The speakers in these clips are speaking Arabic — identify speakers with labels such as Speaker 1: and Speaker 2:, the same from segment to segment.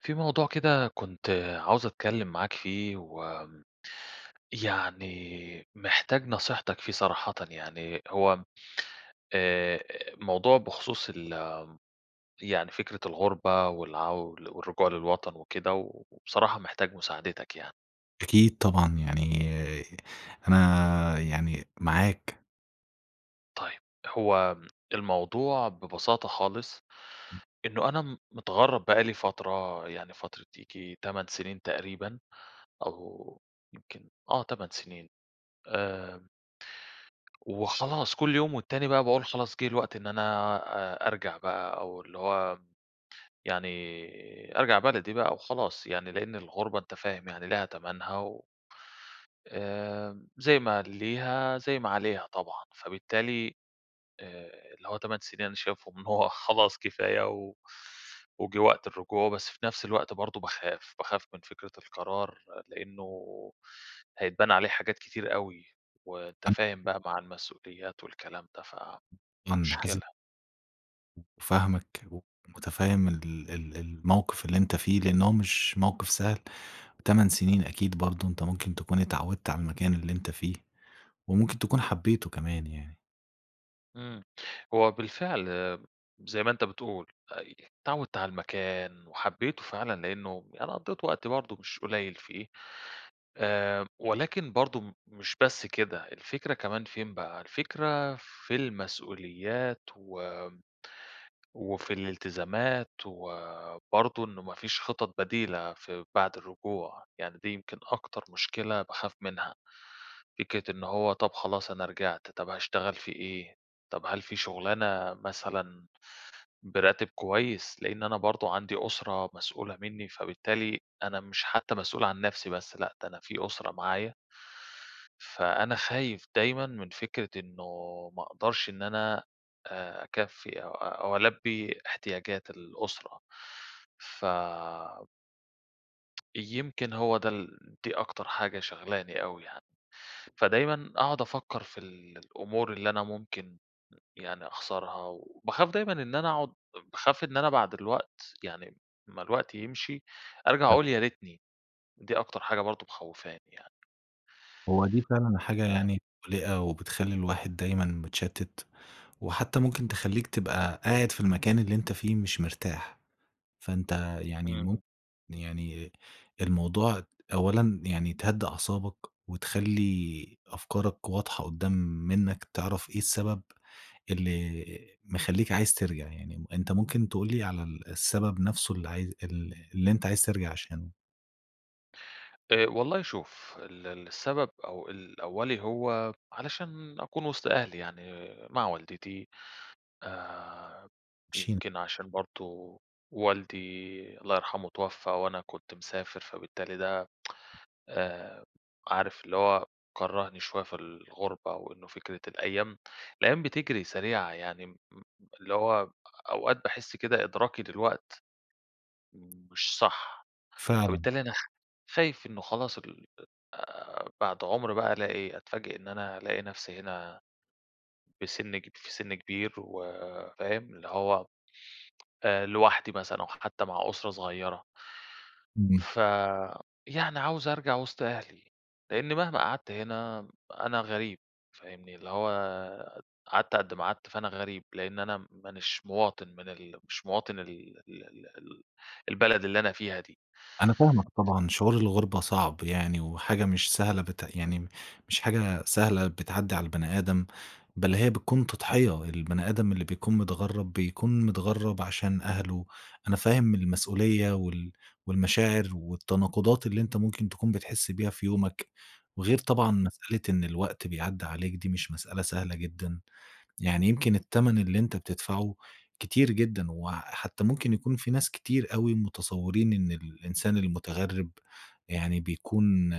Speaker 1: في موضوع كده كنت عاوز أتكلّم معاك فيه، وآمم، يعني محتاج نصيحتك فيه صراحةً يعني، هو آآ، موضوع بخصوص ال يعني فكرة الغُربة، والعو والرجوع للوطن وكده، وبصراحة محتاج مساعدتك يعني.
Speaker 2: أكيد طبعًا، يعني أنا يعني معاك.
Speaker 1: طيب، هو الموضوع ببساطة خالص،
Speaker 2: ام
Speaker 1: إنّه أنا م متغرّب بقى لي فترة، يعني فترة ييجي 8 سنين تقريبًا، أو يمكن آه 8 سنين آآ. وخلاص كل يوم والتاني بقى باقول خلاص جه الوقت إن أنا آآ، أرجع بقى أو اللي هو، يعني أرجع بلدي بقى وخلاص يعني، لأن الغُربة أنت فاهم يعني ليها تَمَنها و آآ، زي ما ليها، زي ما عليها طبعًا، فبالتالي، آآ، اللي هو 8 سنين أنا شايفهم إن هو خلاص كفاية، و وجه وقت الرجوع، بس في نفس الوقت برضه باخاف، باخاف من فكرة القرار، لأنّه هيتبنى عليه حاجات كتير أوي، وأنت
Speaker 2: ان
Speaker 1: فاهم بقى مع المسؤوليات والكلام ده، ف
Speaker 2: [unintelligible]
Speaker 1: مشكلة.
Speaker 2: فاهمك ومتفهّم ال ال الموقف اللي أنت فيه لأن هو مش موقف سهل، 8 سنين أكيد برضه أنت ممكن تكون اتعوّدت على المكان اللي أنت فيه، وممكن تكون حبيته كمان يعني.
Speaker 1: امم، هو بالفعل آمم زي ما أنت بتقول آآ، اتعوّدت على المكان وحبيته فعلًا، لأنّه أنا قضّيت وقت برضه مش قليل فيه، آآ، ولكن برضه مش بس كده الفكرة كمان فين بقى، الفكرة في المسؤوليات و وفي الالتزامات وبرضه إنّه ما فيش خطط بديلة في بعد الرجوع، يعني دي يمكن أكتر مشكلة باخاف منها، فكرة إن هو طب خلاص أنا رجعت، طب هاشتغل في إيه، طب هل في شغلانة مثلًا براتب كويّس، لإن أنا برضه عندي أسرة مسؤولة مِنّي، فبالتالي أنا مش حتّى مسؤول عن نفسي بس، لأ ده أنا في أسرة معايا، فأنا خايف دايمًا من فكرة إنّه ما أقدرش إن أنا آآ، أكفّي أو أو ألبّي احتياجات الأسرة، ف يمكن هو ده ال دي أكتر حاجة شغلاني أوي يعني. فدايمًا أقعد أفكّر في الأمور اللي أنا ممكن يعني أخسرها، وباخاف دايمًا إن أنا أقعد باخاف إن أنا بعد الوقت، يعني ما الوقت يمشي، أرجع
Speaker 2: حلو.
Speaker 1: أقول يا ريتني. دي أكتر حاجة برضو مخوفاني يعني.
Speaker 2: هو دي فعلًا حاجة
Speaker 1: آآ
Speaker 2: يعني مقلقة، وبتخلّي الواحد دايمًا متشتَّت، وحتّى ممكن تخليك تبقى قاعد في المكان اللي أنت فيه مش مرتاح. فأنت يعني م
Speaker 1: إمم.
Speaker 2: يعني الموضوع أولًا يعني تهدي أعصابك، وتخلي أفكارك واضحة قدّام منّك، تعرف إيه السبب اللي مخليك عايز ترجع. يعني أنت ممكن تقول لي على ال السبب نفسه اللي عايز ال اللي أنت عايز ترجع عشانه؟
Speaker 1: آآ والله شوف، ال ال السبب أو ال الأولي هو علشان أكون وسط أهلي، يعني مع والدتي. آآ،
Speaker 2: مشي
Speaker 1: يمكن عشان برضو والدي، الله يرحمه، اتوفى وأنا كنت مسافر، فبالتالي ده آآ، عارف اللي هو كرهني شويّة في الغربة، وإنّه فكرة الأيّام الأيّام بتجري سريعة. يعني م اللي هو أوقات باحس كده إدراكي دلوقت مش صح،
Speaker 2: فعلًا.
Speaker 1: فبالتالي أنا خ خايف إنّه خلاص ال آآ، بعد عمر بقى ألاقي أتفاجئ إن أنا ألاقي نفسي هنا، بسن كب في سن كبير، وفاهم؟ اللي هو آآ لوحدي مثلًا، أو حتّى مع أسرة صغيّرة.
Speaker 2: امم.
Speaker 1: ف يعني عاوز أرجع وسط أهلي، لإني مهما قعدت هنا أنا غريب، فاهمني؟ اللي هو قعدت قد ما قعدت، فأنا غريب، لأن أنا مانيش مواطن من ال مش مواطن ال ال ال ال البلد اللي أنا فيها دي.
Speaker 2: أنا فاهمك طبعًا، شعور الغربة صعب يعني، وحاجة مش سهلة بت يعني مش حاجة سهلة بتعدي على البني آدم، بل هي بتكون تضحية. البني آدم اللي بيكون متغرب بيكون متغرب عشان أهله. أنا فاهم المسؤوليّة وال والمشاعر والتناقضات اللي أنت ممكن تكون بتحس بيها في يومك، وغير طبعًا
Speaker 1: إمم.
Speaker 2: مسألة إن الوقت بيعدى عليك، دي مش مسألة سهلة جدًا. يعني يمكن التمن اللي أنت بتدفعه كتير جدًا، وحتّى ممكن يكون في ناس كتير أوي متصورين إن الإنسان المتغرب يعني بيكون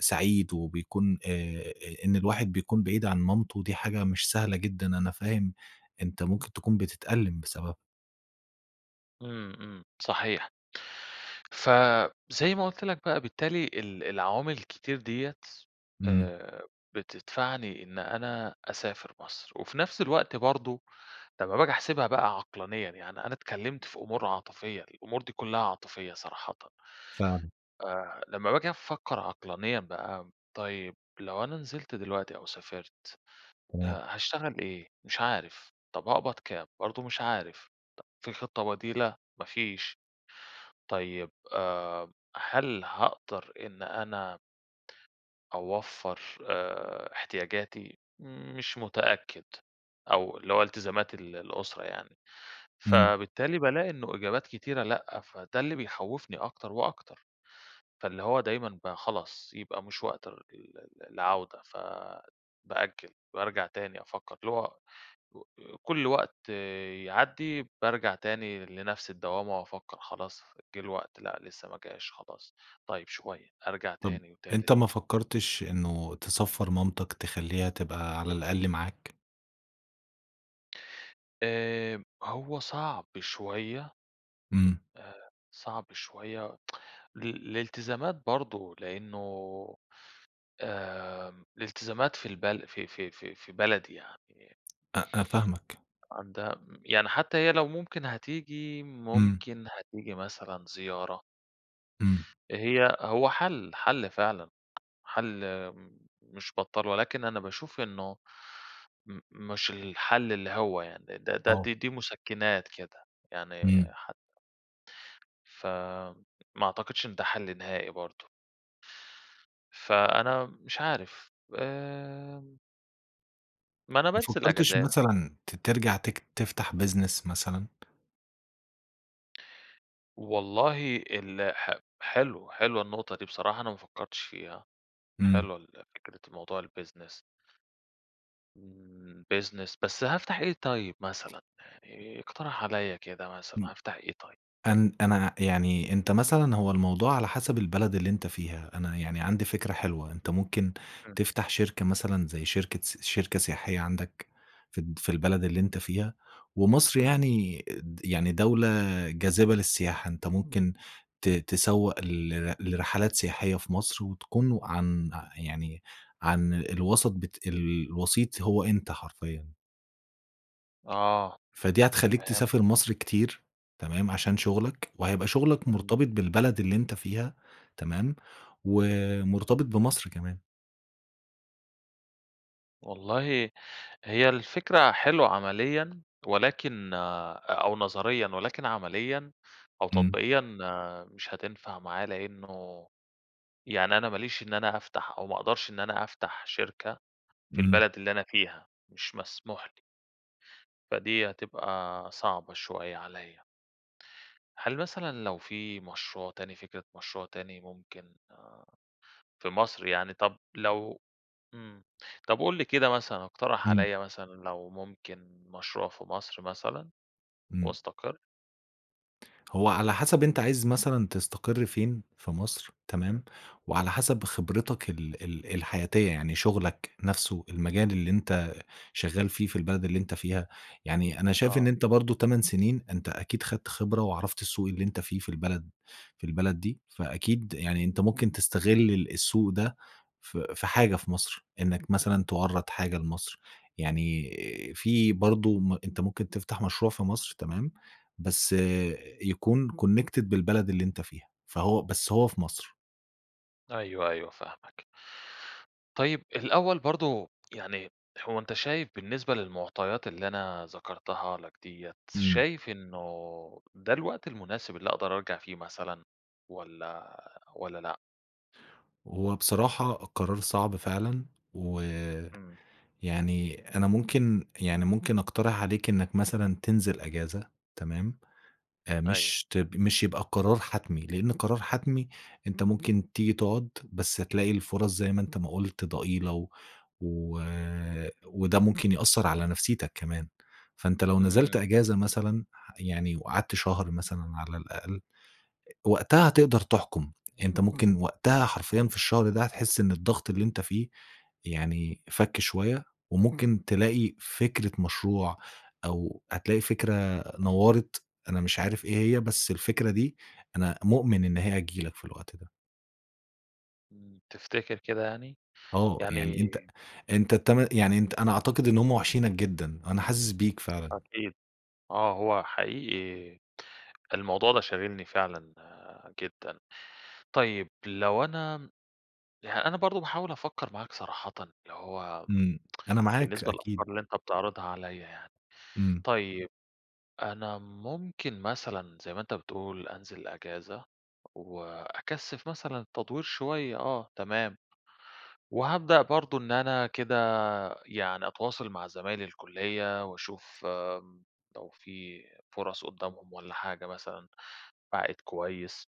Speaker 2: سعيد، وبيكون آآ، إن الواحد بيكون بعيد عن مامته، دي حاجة مش سهلة جدًا، أنا فاهم أنت ممكن تكون بتتألم بسببها.
Speaker 1: امم، امم، صحيح ف زي ما قلت لك بقى، بالتالي ال العوامل الكتير ديَّة
Speaker 2: امم.
Speaker 1: آآ، بتدفعني إن أنا أسافر مصر، وفي نفس الوقت برضه، لمّا باجي أحسبها بقى عقلانيًا، يعني أنا اتكلّمت في أمور عاطفيّة، الأمور دي كلّها عاطفيّة صراحةً.
Speaker 2: فعلًا.
Speaker 1: آآ، لمّا باجي أفكّر عقلانيًا بقى، طيّب لو أنا نزلت دلوقتي أو سافرت
Speaker 2: تمام.
Speaker 1: ها هاشتغل إيه؟ مش عارف، طب هاقبض كام؟ برضه مش عارف، طب في خطّة بديلة؟ ما فيش، طيّب آآ، هل هاقدر إن أنا أوفّر آآ، احتياجاتي؟ مش متأكّد، أو اللي هو التزامات ال الأسرة يعني،
Speaker 2: امم.
Speaker 1: فبالتالي بالاقي إنّه إجابات كتيرة لأ، فده اللي بيخوّفني أكتر وأكتر، فاللي هو دايمًا بقى خلاص يبقى مش وقت ال ال العودة، ف بأجّل، بارجع تاني أفكّر، اللي هو [unintelligible] كل وقت يعدّي بارجع تاني لنفس الدوّامة وأفكّر، خلاص جه الوقت، لأ لسّه ما جاش، خلاص طيّب شويّة، أرجع
Speaker 2: طب
Speaker 1: تاني وتالت.
Speaker 2: أنت ما فكّرتش إنّه تسفّر مامتك، تخلّيها تبقى على الأقل معاك؟
Speaker 1: آآ، هو صعب شوية.
Speaker 2: إمم.
Speaker 1: آآ، صعب شويّة ال الالتزامات برضه لأنّه آآ، الالتزامات في البل في في في في بلدي يعني
Speaker 2: أ أ فاهمك.
Speaker 1: عندها م يعني حتّى هي لو ممكن هتيجي،
Speaker 2: إمم.
Speaker 1: ممكن هتيجي مثلًا زيارة.
Speaker 2: إمم.
Speaker 1: هي هو حلّ حلّ فعلًا، حلّ مش بطّال، ولكن أنا باشوف إنه م مش الحلّ اللي هو يعني، ده ده
Speaker 2: آه.
Speaker 1: دي دي مسكِّنات كده، يعني
Speaker 2: إمم.
Speaker 1: ح ف ما أعتقدش إن ده حل نهائي برضه. فأنا مش عارف، آآ. ما أنا
Speaker 2: ما
Speaker 1: بانزل
Speaker 2: فكّرتش
Speaker 1: أجازات.
Speaker 2: مثلًا ت ترجع تك تفتح business مثلًا؟
Speaker 1: والله ال ح حلو حلوة النقطة دي بصراحة، أنا ما فكّرتش فيها،
Speaker 2: إمم.
Speaker 1: حلوة ال فكرة موضوع الbusiness امم، business بس هافتح إيه طيّب مثلًا، يعني اقترح عليَّ كده مثلًا،
Speaker 2: امم،
Speaker 1: هافتح إيه طيّب؟
Speaker 2: أن أنا يعني أنت مثلًا هو الموضوع على حسب البلد اللي أنت فيها، أنا يعني عندي فكرة حلوة، أنت ممكن
Speaker 1: إمم.
Speaker 2: تفتح شركة مثلًا زي شركة سي شركة سياحية عندك، في الد في البلد اللي أنت فيها، ومصر
Speaker 1: إمم.
Speaker 2: يعني د يعني دولة جاذبة للسياحة، أنت ممكن ت تسوّق لر لرحلات سياحية في مصر، وتكون عن يعني عن الوسط بت الوسيط هو أنت حرفيًا.
Speaker 1: آه
Speaker 2: فدي هتخليك
Speaker 1: فهمتك.
Speaker 2: تسافر مصر كتير تمام، عشان شغلك وهيبقى شغلك
Speaker 1: إمم.
Speaker 2: مرتبط بالبلد اللي أنت فيها تمام، و مرتبط بمصر كمان.
Speaker 1: والله هي الفكرة حلوة عمليًا، ولكن أو نظريًا، ولكن عمليًا، أو
Speaker 2: إمم.
Speaker 1: تطبيقيًا مش هتنفع معايا، لأنه يعني أنا ماليش إن أنا أفتح، أو ما أقدرش إن أنا أفتح شركة في
Speaker 2: إمم.
Speaker 1: البلد اللي أنا فيها. مش مسموح لي. فدي هتبقى صعبة شوية عليّا. هل مثلًا لو في مشروع تاني، فكرة مشروع تاني ممكن في مصر يعني، طب لو إمم، طب قُل لي كده مثلًا، إقترح
Speaker 2: إمم.
Speaker 1: عليّا مثلًا، لو ممكن مشروع في مصر مثلًا
Speaker 2: إمم.
Speaker 1: وأستقر؟
Speaker 2: هو على حسب أنتَ عايز مثلًا تستقر فين في مصر
Speaker 1: إمم.
Speaker 2: تمام، وعلى حسب خبرتك ال ال الحياتية، يعني شغلك نفسه، المجال اللي أنتَ شغال فيه في البلد اللي أنتَ فيها، يعني أنا شايف إن
Speaker 1: آه.
Speaker 2: أنتَ برضه 8 سنين، أنتَ أكيد أخدت خبرة وعرفت السوق اللي أنتَ فيه في البلد في البلد دي، فأكيد يعني
Speaker 1: إمم.
Speaker 2: أنتَ ممكن تستغل السوق ده في في حاجة في مصر، إنك مثلًا توَرّد حاجة لمصر، يعني في برضه م أنتَ ممكن تفتح مشروع في مصر تمام، بس يكون connected بالبلد اللي أنتَ فيها، فهو بس هو في مصر.
Speaker 1: أيوه، أيوه فاهمك. طيب الأوّل برضه يعني هو أنت شايف بالنسبة للمعطيات اللي أنا ذكرتها لك ديَّة،
Speaker 2: إمم.
Speaker 1: شايف إنّه ده الوقت المناسب اللي أقدر أرجع فيه مثلًا، والَّا والَّا لأ؟
Speaker 2: هو بصراحة القرار صعب فعلًا، ويعني
Speaker 1: إمم.
Speaker 2: أنا ممكن يعني ممكن أقترح عليك إنّك مثلًا تنزل أجازة تمام،
Speaker 1: أيوه.
Speaker 2: مش ت مش يبقى قرار حتمي لأن قرار حتمي أنت ممكن تيجي تقعد بس تلاقي الفُرَص زي ما أنت ما قلت ضئيلة و و وده ممكن يأثّر على نفسيتك كمان، فأنت لو نزلت
Speaker 1: إمم.
Speaker 2: أجازة مثلًا ح يعني وقعدت شهر مثلًا على الأقل، وقتها هتقدر تحكم أنت ممكن وقتها حرفيًا في الشهر ده، هتحس إن الضغط اللي أنت فيه يعني فكّ شويّة، وممكن تلاقي فكرة مشروع أو هتلاقي فكرة نوّرِت، أنا مش عارف إيه هي بس الفكرة دي أنا مؤمن إن هي هتيجي لك في الوقت ده.
Speaker 1: إمم، تفتكر كده يعني؟
Speaker 2: آه
Speaker 1: يعني
Speaker 2: يعني أنت أنت الت يعني أنا أعتقد إن هم واحشينك جدًا، أنا حاسس بيك فعلًا.
Speaker 1: أكيد آه، هو حقيقي الموضوع ده شاغلني فعلًا آآ، جدًا. طيّب لو أنا يعني أنا برضه باحاول أفكّر معاك صراحةً، اللي هو
Speaker 2: إمم، أنا معاك
Speaker 1: بالنسبة
Speaker 2: أكيد.
Speaker 1: للأفكار اللي أنت بتعرضها عليَّ يعني،
Speaker 2: إمم.
Speaker 1: طيّب أنا ممكن مثلًا زي ما أنت بتقول أنزل أجازة، وأكثِّف مثلًا تدوير شويّة، آه تمام، وهابدأ برضه إن أنا كده يعني أتواصل مع زمايل الكليّة، وأشوف آمم، لو في فُرَص قُدّامهم والَّا حاجة مثلًا بعائد كويّس.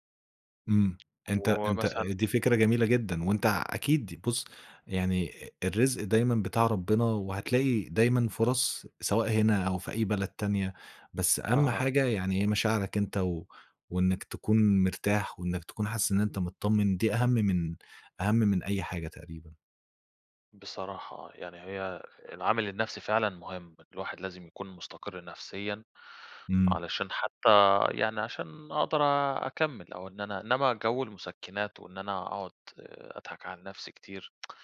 Speaker 2: إمم أنت أنت
Speaker 1: ومثلًا
Speaker 2: دي فكرة جميلة جدًا، وأنت ع أكيد بُصّ، يعني الرزق دايمًا بتاع ربنا، وهتلاقي دايمًا فُرَص سواء هنا أو في أي بلد تانية، بس أهم
Speaker 1: أها.
Speaker 2: حاجة يعني هي مشاعرك أنت و وإنّك تكون مرتاح، وإنّك تكون حاسس ان أنت متطمن، دي أهم من أهم من أي حاجة تقريبًا.
Speaker 1: بصراحة آه، يعني هي العامل النفسي فعلًا مهم، ان الواحد لازم يكون مستقرّ نفسيًا،
Speaker 2: إمم.
Speaker 1: علشان حتّى يعني عشان أقدر أكمّل، أو إن أنا إنّما جو المُسكِّنات، وإن أنا أقعد أضحك على نفسي كتير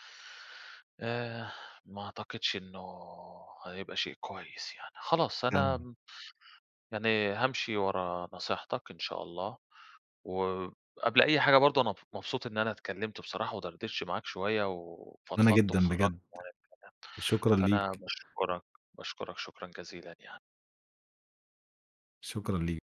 Speaker 1: آآ، ما أعتقدش إنّه هيبقى شيء كويّس يعني، خلاص
Speaker 2: [unintelligible]
Speaker 1: أنا يعني هامشي ورا نصيحتك إن شاء الله، و قبل أي حاجة برضه أنا مب مبسوط إن أنا اتكلّمت بصراحة، ودردشت معاك شويّة
Speaker 2: وأنا
Speaker 1: وفضفضت
Speaker 2: جدًا
Speaker 1: وخرّجت
Speaker 2: بجد،
Speaker 1: [unintelligible]
Speaker 2: شكرًا
Speaker 1: فأنا
Speaker 2: ليك.
Speaker 1: باشكرك، باشكرك شكرًا جزيلًا يعني.
Speaker 2: شكرًا ليك.